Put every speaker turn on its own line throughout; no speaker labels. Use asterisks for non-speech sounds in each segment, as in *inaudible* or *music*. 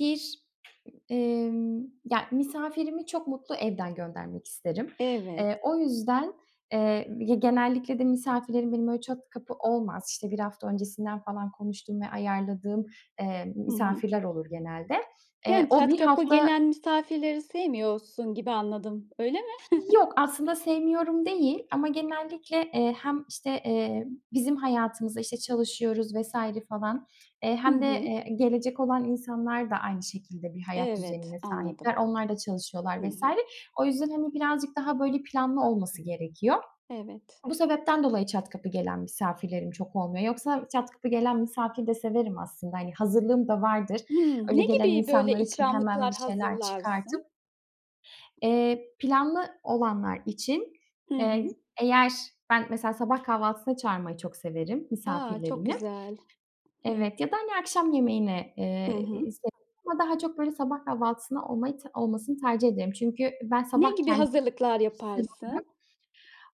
Bir, emm, ya, misafirimi çok mutlu evden göndermek isterim.
Evet.
Eee, o yüzden, eee, ya, genellikle de misafirlerim benim öyle çat kapı olmaz. İşte, 1 hafta öncesinden falan konuştuğum ve ayarladığım, eee,
Hı hı.
misafirler olur genelde. Eee,
Yani
o
çat
1
kapı
hafta
gelen misafirleri sevmiyorsun gibi anladım, öyle mi?
Yok, aslında
*chuckles*
sevmiyorum değil ama genellikle, eee, hem, işte, eee, bizim hayatımıza, işte, çalışıyoruz vs. falan, eee,
Hı
hem de,
hı.
eee, gelecek olan insanlar da aynı şekilde bir hayat
Evet,
düzenine
anladım.
sahipler. Onlar da çalışıyorlar
Hı
vs.
hı.
O yüzden, hani, birazcık daha, böyle, planlı olması gerekiyor.
Evet.
Bu sebepten dolayı çat kapı gelen misafirlerim çok olmuyor. Yoksa çat kapı gelen misafir de severim aslında. Hani, hazırlığım da vardır.
Hımm.
Öyle
Ne
gelen
gibi böyle
insanlar için hemen bir
ikramlıklar
şeyler çıkartıp
hazırlarsın?
Eee, planlı olanlar için,
I
eee, g
hı.
eğer ben mesela sabah kahvaltısına çağırmayı çok severim
A! Çok
misafirlerimi.
güzel. Hımm.
Evet, ya da, hani, akşam yemeğine,
Hı
eee,
hı.
severim ama daha çok, böyle, sabah kahvaltısında olmayı t olmasını tercih ederim çünkü ben
Ne
sabah
gibi
kendim
hazırlıklar
kişisel olarak,
yaparsın?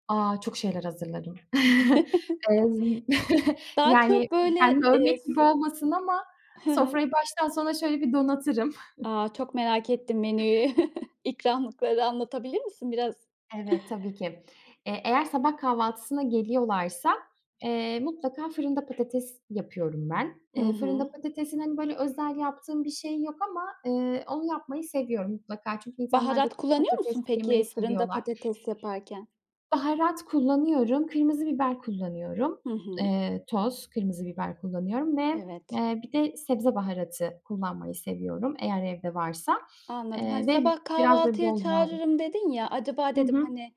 aaa, çok şeyler hazırlarım. *chuckles* Eee, z
*chuckles*
*chuckles*
Daha
Yani
çok, böyle,
kendimi
eee
övmek
s
gibi olmasın ama
Hı hı.
sofrayı baştan sona şöyle bir donatırım.
A!
*chuckles*
Çok merak ettim menüyü. *chuckles* İkramlıkları anlatabilir misin biraz?
Evet, tabii ki.
*chuckles*
E, eğer sabah kahvaltısına geliyorlarsa, eee, mutlaka fırında patates yapıyorum ben.
Hı
Eee, fırında
hı.
patatesin, hani, böyle, özel yaptığım bir şey yok ama, eee, onu yapmayı seviyorum mutlaka çünkü insanlar da
Baharat kullanıyor
patates
musun
yemeyi
peki fırında
seviyorlar.
patates yaparken?
Baharat kullanıyorum. Kırmızı biber kullanıyorum.
Hı hı.
Eee, toz kırmızı biber kullanıyorum ve,
Evet.
eee, bir de sebze baharatı kullanmayı seviyorum eğer evde varsa,
Anladım.
eee,
Hani,
ve b
"Sabah
biraz da
kahvaltıya
bol yağda
çağırırım." dedin ya acaba
Hı
dedim,
hı.
hani,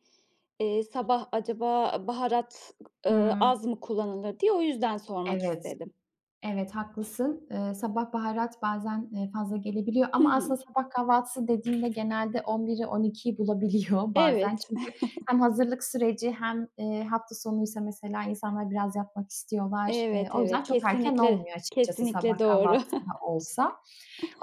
eee, sabah acaba baharat, k ııı,
Hımm.
az mı kullanılır, diye. O yüzden sormak
Evet.
istedim.
Evet, haklısın. Eee, sabah baharat bazen, eee, fazla gelebiliyor
Hı
ama
hı.
aslında sabah kahvaltısı dediğimde genelde 11'i 12'yi bulabiliyor bazen.
Evet.
Çünkü hem
*chuckles*
hazırlık süreci hem, eee, hafta sonuysa mesela insanlar biraz yatmak istiyorlar. Eee,
Evet,
o yüzden
evet.
çok erken
kesinlikle,
olmuyor açıkçası sabah
kesinlikle doğru.
kahvaltısı da
*chuckles*
olsa.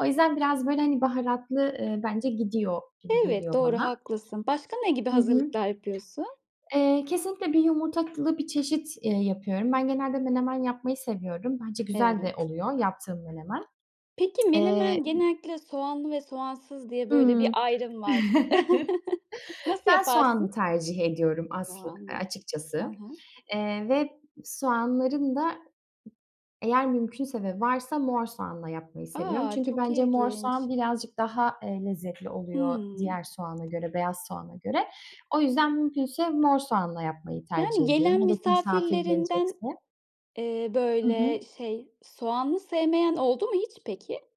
O yüzden, biraz böyle, hani, baharatlı, eee, bence gidiyor gibi
Evet,
geliyor
doğru
bana.
haklısın. Başka ne gibi
Hı hı.
hazırlıklar yapıyorsun?
Eee, kesinlikle bir yumurtalı bir çeşit, eee, yapıyorum. Ben genelde menemen yapmayı seviyorum. Bence güzel de
Evet.
oluyor yaptığım menemen.
Peki,
*tsk* Eee,
menemen
i
genellikle "soğanlı ve soğansız" diye
Hı
böyle bir
hı.
ayrım var.
*chuckles*
*chuckles* Nasıl
Ben soğanlı
yaparsın?
tercih ediyorum aslı a
Soğanlı. Hı
açıkçası,
hı.
eee, ve soğanların da ı eğer mümkünse ve varsa mor soğanla yapmayı seviyorum.
A!
Çünkü
Çok
bence mor
ilginç.
soğan birazcık daha, eee, lezzetli oluyor
Hımm.
diğer soğana göre, beyaz soğana göre. O yüzden, mümkünse mor soğanla yapmayı
Yani
tercih ediyorum.
gelen
Hele ki misafir
misafirlerinden,
gelecekse.
eee,
Hı
böyle,
hı.
şey, soğanlı sevmeyen oldu mu hiç peki?